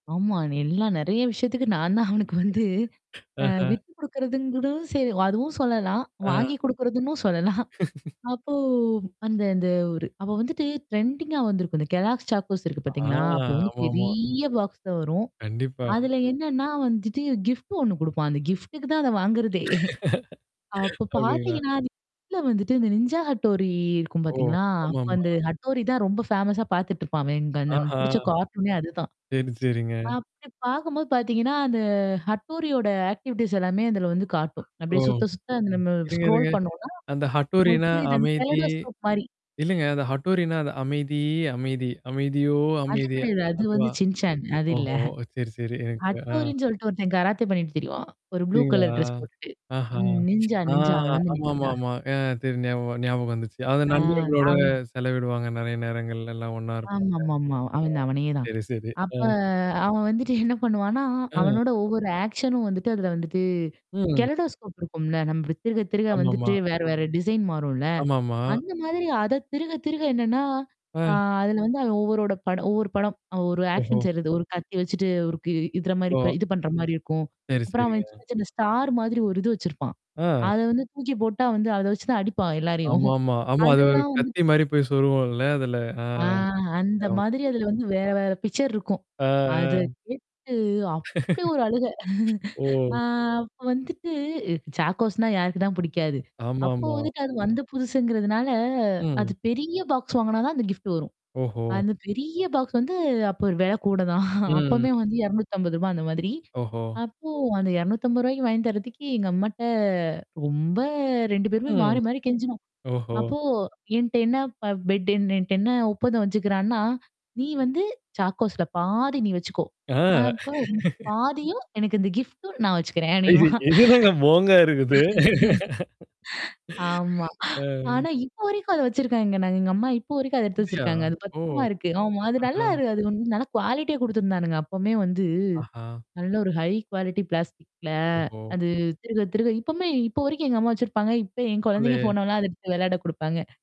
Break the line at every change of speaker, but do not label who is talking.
ஆமா. அது எல்லாம் நெறைய விஷயத்துக்கு நான் தான் அவனுக்கு வந்து, அ
அஹ.
விட்டுக் குடுக்குறதுன்னு கூட செய்வேன், அதுவும் சொல்லலாம்.
அ.
வாங்கி குடுக்கிறதுன்னும் சொல்லலாம். அப்போ அந்த அந்த ஒரு, அவன் வந்துட்டு ட்ரென்டிங்கா வந்திருக்கும். இந்த "கெல்லோக்ஸ் சாகோஸ்" இருக்கு
ஆ.
பாத்தீங்களா. அப்போ வந்து
ஆமாமா.
பெரிய பாக்ஸ்ல வரும்.
கண்டிப்பா.
அதுல
ம்.
என்னன்னா வந்துட்டு கிஃப்ட் ஒண்ணு குடுப்பான். அந்த கிஃப்ட்டுக்கு தான் அத வாங்குறதே. அப்போ
அப்டீங்களா?
பாத்தீங்கன்னா, அதுக்குள்ள வந்துட்டு இந்த "நிஞ்சா ஹட்டோரி" இருக்கும்
ஓ!
பார்த்தீங்களா
ஆமாம்மா.
வந்து ஹட்டோரி தான் ரொம்ப ஃபேமஸா பாத்துட்டுருப்பான் அவன் அங்க அந்த அவனுக்கு
ஆஹா.
புடிச்ச கார்ட்டூனே அதுதான்.
சரி, சரிங்க.
அப்படி பார்க்கும்போது பாத்தீங்கன்னா, அந்த ஹட்டோரியோட ஆக்டிவிட்டீஸ் எல்லாமே அதுல வந்து காட்டும்.
ஓ!
அப்படியே சுத்த சுத்த அது நம்ம
இருங்க,
ஸ்குரோல்
இருங்க.
பண்ணோம்ன்னா,
அந்த
உங்களுக்குப்
ஹட்டோரின்னா
புரியுதா? அந்த
அமைதி
கெலொடோஸ்கோப் மாரி.
இல்லைங்க, அது ஹட்டோரின்னா அது "அமைதி, அமைதி. அமைதியோ
அது
அமைதி"
கெடையாது. அது
அதுவா?
வந்து "சின் சேன்", அது இல்ல.
ஓஹோ. சரி, சரி எனக்கு ஆ.
ஹட்டோரின்னு சொல்லிட்டு ஒருத்தன் கராத்தே பண்ணீட்டு திரிவான். ஒரு புளூ
அப்படீங்களா?
கலர் டிரஸ் போட்டுட்டு.
ஆஹா.
ம் "நிஞ்சா
ஆ,
நிஞ்சா". அவன் வந்து
ஆமா, ஆமா,
"நிஞ்சா."
ஆமா. ஆ தெரியுது. ஞாபக வரு ஞாபகம் வந்துச்சு. அது
அ.
நண்பர்களோட
அவுரு
செலவிடுவாங்க. நெறைய நேரங்கள்லலாம் ஒண்ணா இருப்பாங்க.
ஆமாமாமா.
ஆ.
அவன் தான். அவனே தான்.
சரி, சரி.
அப்ப
அ.
அவன் வந்துட்டு என்ன பண்ணுவான்னா,
அ.
அவனோட ஒவ்வொரு ஆக்ஷனும் வந்துட்டு அதுல வந்துட்டு
ம்.
கெலொடோஸ்கோப் இருக்கும்ல்ல, நம்ப திருக திருக
ஆமாம்மா.
வந்துட்டு வேற வேற டிசைன் மாறும்ல்ல.
ஆமாம்மா.
அந்த மாதிரி அதைத் திருக திருக என்னன்னா, அ
அ.
அதுல வந்து அவன் ஒவ்வொரோட படம் ஒவ்வொரு படம், ஒரு
ஒஹோ.
ஆக்ஷன் செய்யறது ஒரு கத்தி வச்சுட்டு ஒருக்கு இதுர மாரி
ஓ.
இது பண்ற மாரி இருக்கும்.
சரி,
அப்புறம் அவன் சின்ன
சரிங்க.
சின்ன ஸ்டார் மாதிரி ஒரு இது வச்சுருப்பான்.
அ.
அதை வந்து தூக்கி போட்டா வந்து அத வச்சுதான் அடிப்பான் எல்லாரையும்.
ஆமாமா. ஆமா, அது ஒரு
அதெல்லாம் வந்து
கத்தி மாதிரி போய் சொருகுவோம் இல்ல அதுல. அ.
ஆ அந்த
ஞாபகம்
மாதிரி,
வருது.
அதுல வந்து வேற வேற பிக்சர் இருக்கும்.
ஆ. அ.
அதைக் கேட்டு அப்படி ஒரு அழுகை. அ
ஓ.
அப்ப வந்துட்டு சாகோஸ்ன்னா யாருக்குதான் புடிக்காது. அப்போ
ஆமாமா.
வந்துட்டு அது வந்த புதுசுங்குறதுனால, அது
ம்.
பெரிய பாக்ஸ் வாங்குனா தான் அந்த கிஃப்ட் வரும்.
ஓஹோ.
அந்தப் பெரிய பாக்ஸ் வந்து அப்ப வெலை கூட தான். அப்பவுமே
ம்.
வந்து ரூ. 250 அந்த மாதிரி.
ஓஹோ.
அப்போ அந்த ரூ. 250 வாங்கித் தர்றதுக்கே எங்க அம்மாட்ட ரொம்ப 2 பேருமே
ம்.
மாறி மாறி கெஞ்சுனோம்.
ஓஹோ.
அப்போ என்ட்ட என்ன ப பெட் என்ட என்ட்ட என்ன ஒப்பந்தம் வச்சுக்குறான்னா, நீ வந்து சாகோஸ்ல பாதி நீ வச்சுக்கோ.
அ.
அப்போ எனக்கு பாதியும், எனக்கு அந்த கிஃப்ட்டும் நான் வச்சுக்குறேன். நீ
அய்ய
வா.
இது என்னங்க போங்கா இருக்குது?
ஆமா.
அ.
ஆனா இப்போ வரைக்கும் அத வச்சுருக்காங்க. நாங்க எங்க அம்மா இப்போ வரைக்கும் அத எடுத்து
அப்படியா?
வச்சுருக்காங்க. அது
ஓ!
பத்திரமா இருக்கு. ஆமா, அது நல்லா
ஆஹா.
இரு அது இன்னும் நல்லா குவாலிடியா குடுத்திருந்தானுங்க. அப்பவுமே வந்து
ஆஹா.
நல்ல ஒரு ஹை குவாலிடி பிளாஸ்டிக்ல.
ஓஹோ.
அது திருக திருக இப்பவுமே இப்போ வரைக்கும் எங்க அம்மா வச்சிருப்பாங்க. இப்ப என் குழந்தைங்க
பரவால்லையே.
போனால்லாம், அத எடுத்து வெளையாட குடுப்பாங்க.